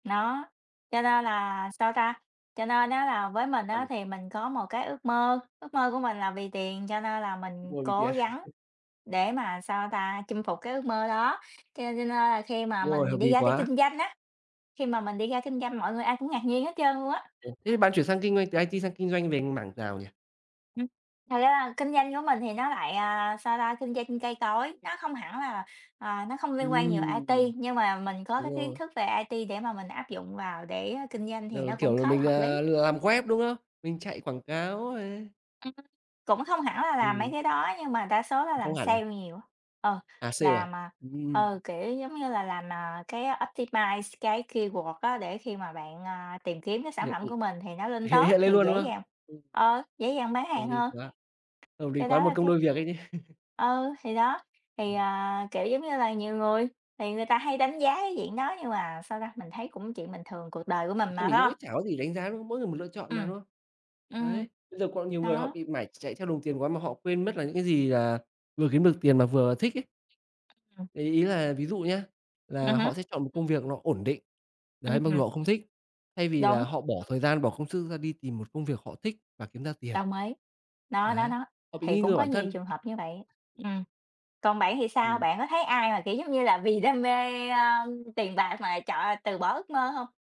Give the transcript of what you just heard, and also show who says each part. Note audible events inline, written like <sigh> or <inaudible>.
Speaker 1: Đó, cho nên là sao ta? Cho nên á là với mình á
Speaker 2: <unintelligible>
Speaker 1: thì mình có một cái ước mơ, ước mơ của mình là vì tiền, cho nên là
Speaker 2: Ước
Speaker 1: mình
Speaker 2: mơ vì
Speaker 1: cố
Speaker 2: tiền.
Speaker 1: gắng
Speaker 2: <laughs>
Speaker 1: để mà sao ta? Chinh phục cái ước mơ đó. Cho nên cho nên là khi mà
Speaker 2: Đúng rồi, hợp
Speaker 1: mình đi
Speaker 2: lý
Speaker 1: ra đi
Speaker 2: quá.
Speaker 1: kinh doanh á, khi mà mình đi ra kinh doanh mọi người ai cũng ngạc nhiên hết trơn luôn á.
Speaker 2: Thê thế bạn chuyển sang kinh doanh, từ IT sang kinh doanh về mảng nào nhỉ?
Speaker 1: Ừm. Thật ra là kinh doanh của mình thì nó lại, à, sao ta? Kinh doanh cây cối, nó không hẳn là, ờ, nó không liên quan nhiều
Speaker 2: Ừm.
Speaker 1: IT, nhưng mà mình có
Speaker 2: Đúng
Speaker 1: cái kiến
Speaker 2: rồi.
Speaker 1: thức về IT để mà mình áp dụng vào để, a, kinh doanh
Speaker 2: Giờ
Speaker 1: thì
Speaker 2: là,
Speaker 1: nó cũng
Speaker 2: kiểu là,
Speaker 1: khá là
Speaker 2: mình,
Speaker 1: hợp lý.
Speaker 2: ờ, lựa làm web, đúng không? Mình chạy quảng cáo này.
Speaker 1: Ừm, cũng không hẳn là làm mấy
Speaker 2: Ừm.
Speaker 1: cái đó nhưng mà đa số là
Speaker 2: Không
Speaker 1: làm
Speaker 2: hẳn à?
Speaker 1: sale nhiều á. Ờ,
Speaker 2: À, sale à?
Speaker 1: làm, à, ờ,
Speaker 2: Ừm.
Speaker 1: kiểu, giống như là, làm, à, cái optimize cái keyword á để khi mà bạn, à, tìm kiếm các sản
Speaker 2: Hiện
Speaker 1: phẩm của mình thì nó
Speaker 2: <unintelligible>
Speaker 1: lên
Speaker 2: hiện
Speaker 1: top
Speaker 2: hiện lên
Speaker 1: thì
Speaker 2: luôn, đúng
Speaker 1: dễ
Speaker 2: không?
Speaker 1: dàng
Speaker 2: Ừm.
Speaker 1: ờ, dễ dàng bán
Speaker 2: Hợp
Speaker 1: hàng
Speaker 2: lý
Speaker 1: hơn.
Speaker 2: quá, hợp lý
Speaker 1: Cái
Speaker 2: quá
Speaker 1: đó
Speaker 2: một
Speaker 1: là
Speaker 2: công
Speaker 1: cái
Speaker 2: đôi việc ấy chứ. <laughs>
Speaker 1: Ừ, thì đó, thì,
Speaker 2: Ừm.
Speaker 1: à, kiểu, giống như là, nhiều người thì người ta hay đánh giá cái diện đó nhưng mà sao ta? Mình thấy cũng chuyện bình thường, cuộc đời của mình
Speaker 2: Thật ra
Speaker 1: mà,
Speaker 2: mình
Speaker 1: phải
Speaker 2: cũng
Speaker 1: hông?
Speaker 2: nghĩ chả có gì đánh giá, đúng không? Mỗi người một lựa chọn mà,
Speaker 1: Ừm,
Speaker 2: đúng không?
Speaker 1: ừm,
Speaker 2: Đấy, bây giờ còn nhiều người họ
Speaker 1: đó.
Speaker 2: bị mải chạy theo đồng tiền quá mà họ quên mất là những cái gì, à, vừa kiếm được tiền mà vừa thích ấy.
Speaker 1: Ừm.
Speaker 2: Thì ý là ví dụ nhá,
Speaker 1: Ừm
Speaker 2: là
Speaker 1: hứm.
Speaker 2: họ sẽ chọn một công việc nó ổn định.
Speaker 1: Ưm
Speaker 2: Đấy, mặc dù
Speaker 1: hừm.
Speaker 2: họ không thích, thay vì là
Speaker 1: Đúng.
Speaker 2: họ bỏ thời gian bỏ công sức ra đi tìm một công việc họ thích và kiếm ra tiền.
Speaker 1: Đồng ý, đó, đó,
Speaker 2: Đấy,
Speaker 1: đó.
Speaker 2: họ bị
Speaker 1: Thì
Speaker 2: nghi
Speaker 1: cũng
Speaker 2: ngờ
Speaker 1: có
Speaker 2: bản
Speaker 1: nhiều
Speaker 2: thân.
Speaker 1: trường hợp như vậy. Ừm, còn bạn thì sao?
Speaker 2: Ừm.
Speaker 1: Bạn có thấy ai mà, kiểu, giống như là, vì đam mê, a, ơm, tiền bạc mà chọn từ bỏ ước mơ hông?